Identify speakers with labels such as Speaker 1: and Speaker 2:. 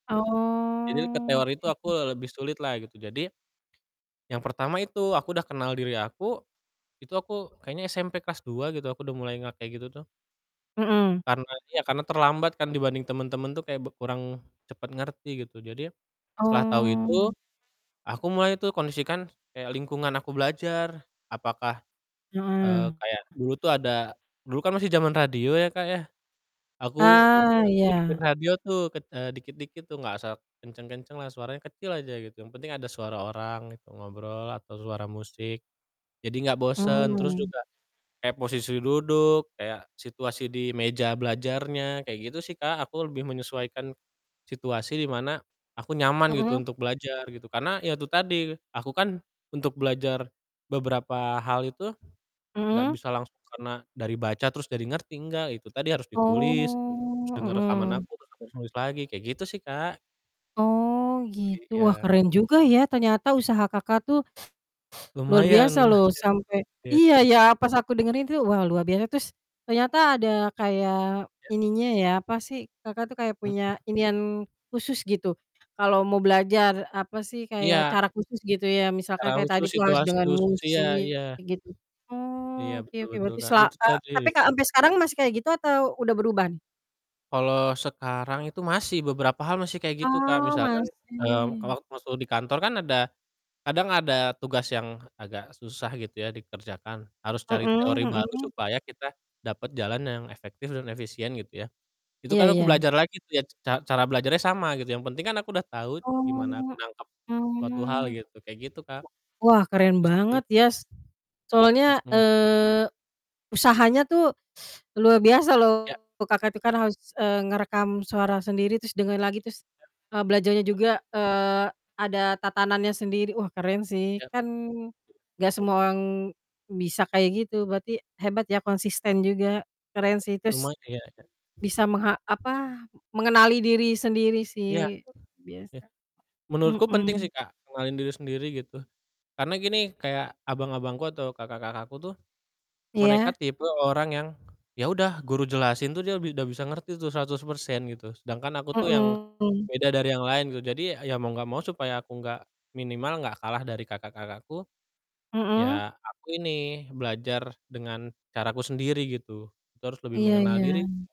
Speaker 1: Jadi ke teori
Speaker 2: Oke.
Speaker 1: itu aku lebih sulitlah gitu, jadi, yang pertama itu, aku udah kenal diri aku, itu aku kayaknya SMP kelas 2 gitu aku udah mulai nggak kayak gitu tuh.
Speaker 2: Mhm.
Speaker 1: Karena iya, karena terlambat kan dibanding temen-temen tuh kayak b kurang cepat ngerti gitu. Jadi, setelah tahu
Speaker 2: Oh,
Speaker 1: itu,
Speaker 2: mmm.
Speaker 1: aku mulai tuh kondisikan kayak lingkungan aku belajar apakah,
Speaker 2: Heeh.
Speaker 1: eee, kayak dulu tuh ada dulu kan masih zaman radio ya Kak ya, aku,
Speaker 2: Ah,
Speaker 1: eee, ngikutin
Speaker 2: iya.
Speaker 1: radio tuh ket eee, dikit-dikit tuh, gak usah kenceng-kencenglah, suaranya kecil aja gitu, yang penting ada suara orang gitu ngobrol, atau suara musik, jadi gak bosen. Terus
Speaker 2: Mmm.
Speaker 1: juga kayak posisi duduk, kayak situasi di meja belajarnya, kayak gitu sih Kak, aku lebih menyesuaikan situasi di mana aku nyaman gitu
Speaker 2: Mhm.
Speaker 1: untuk belajar gitu, karena ya itu tadi, aku kan untuk belajar beberapa hal itu gak
Speaker 2: Mhm.
Speaker 1: bisa langsung karena dari baca terus jadi ngerti, nggak, itu tadi, harus ditulis, terus
Speaker 2: Oh
Speaker 1: denger rekaman
Speaker 2: mhm.
Speaker 1: aku, terus harus nulis lagi. Kayak gitu sih Kak.
Speaker 2: Oh gitu, wah
Speaker 1: Iya.
Speaker 2: keren juga ya ternyata usaha Kakak tuh, luar
Speaker 1: Lumayan
Speaker 2: biasa
Speaker 1: lumayan,
Speaker 2: loh sampai
Speaker 1: iya.
Speaker 2: iya ya, pas aku dengerin tuh, wah luar biasa. Terus, ternyata ada kayak
Speaker 1: Iya.
Speaker 2: ininya ya, apa sih, Kakak tuh kayak punya
Speaker 1: Mhm.
Speaker 2: inian khusus gitu kalau mau belajar apa sih, kayak
Speaker 1: Iya.
Speaker 2: cara khusus gitu ya, misalkan
Speaker 1: Cara
Speaker 2: kayak tadi
Speaker 1: khusus,
Speaker 2: tuh harus
Speaker 1: situasi
Speaker 2: dengan
Speaker 1: khusus, iya iya.
Speaker 2: musik gitu.
Speaker 1: Iya,
Speaker 2: Oh, oke
Speaker 1: betul
Speaker 2: oke
Speaker 1: betul
Speaker 2: berarti
Speaker 1: Kak,
Speaker 2: sela
Speaker 1: itu
Speaker 2: e
Speaker 1: tadi.
Speaker 2: tapi Kak, ampe sekarang masih kayak gitu atau udah beruban?
Speaker 1: Kalau sekarang itu masih, beberapa hal masih kayak gitu Kak.
Speaker 2: Oh,
Speaker 1: Misalkan, eee, kalau
Speaker 2: masih.
Speaker 1: masuk di kantor kan ada kadang ada tugas yang agak susah gitu ya dikerjakan, harus cari
Speaker 2: Mhm
Speaker 1: teori baru
Speaker 2: mhm.
Speaker 1: supaya kita dapat jalan yang efektif dan efisien gitu ya. Itu
Speaker 2: Iya
Speaker 1: kan aku
Speaker 2: iya.
Speaker 1: belajar lagi tuh, ya ca cara belajarnya sama gitu. Yang penting kan aku udah tahu gimana aku
Speaker 2: Oh,
Speaker 1: nangkep suatu hal
Speaker 2: mmm.
Speaker 1: gitu, kayak gitu Kak.
Speaker 2: Wa wah keren
Speaker 1: Terus [unintelligible]
Speaker 2: banget ya, s soalnya,
Speaker 1: Mhm.
Speaker 2: eee, usahanya tuh luar biasa
Speaker 1: Ya.
Speaker 2: loh, Kakak itu kan harus, eee, ngerekam suara sendiri terus dengar lagi terus,
Speaker 1: Iya.
Speaker 2: eee, belajarnya
Speaker 1: Hah?
Speaker 2: juga, eee, ada tatanannya sendiri, wah keren sih,
Speaker 1: Iya.
Speaker 2: kan nggak semua orang bisa kayak gitu, berarti hebat ya, konsisten juga,
Speaker 1: Ya,
Speaker 2: keren sih, terus
Speaker 1: lumayan.
Speaker 2: bisa mengha apa, mengenali diri sendiri
Speaker 1: Ya.
Speaker 2: sih, luar
Speaker 1: Eh.
Speaker 2: biasa,
Speaker 1: Menurutku penting sih
Speaker 2: mhm.
Speaker 1: Kak ngenalin diri sendiri gitu. Karena gini, kayak abang-abangku atau kakak-kakakku tuh, mereka
Speaker 2: Iya.
Speaker 1: tipe orang yang, ya udah, guru jelasin tuh dia bi udah bisa ngerti tuh 100% gitu, sedangkan aku tuh yang
Speaker 2: Mhm.
Speaker 1: beda dari yang lain gitu, jadi ya mau nggak mau supaya aku nggak minimal nggak kalah dari kakak-kakakku,
Speaker 2: Mhm.
Speaker 1: ya aku ini, belajar dengan caraku sendiri gitu. Itu harus lebih
Speaker 2: Iya
Speaker 1: mengenal diri
Speaker 2: iya.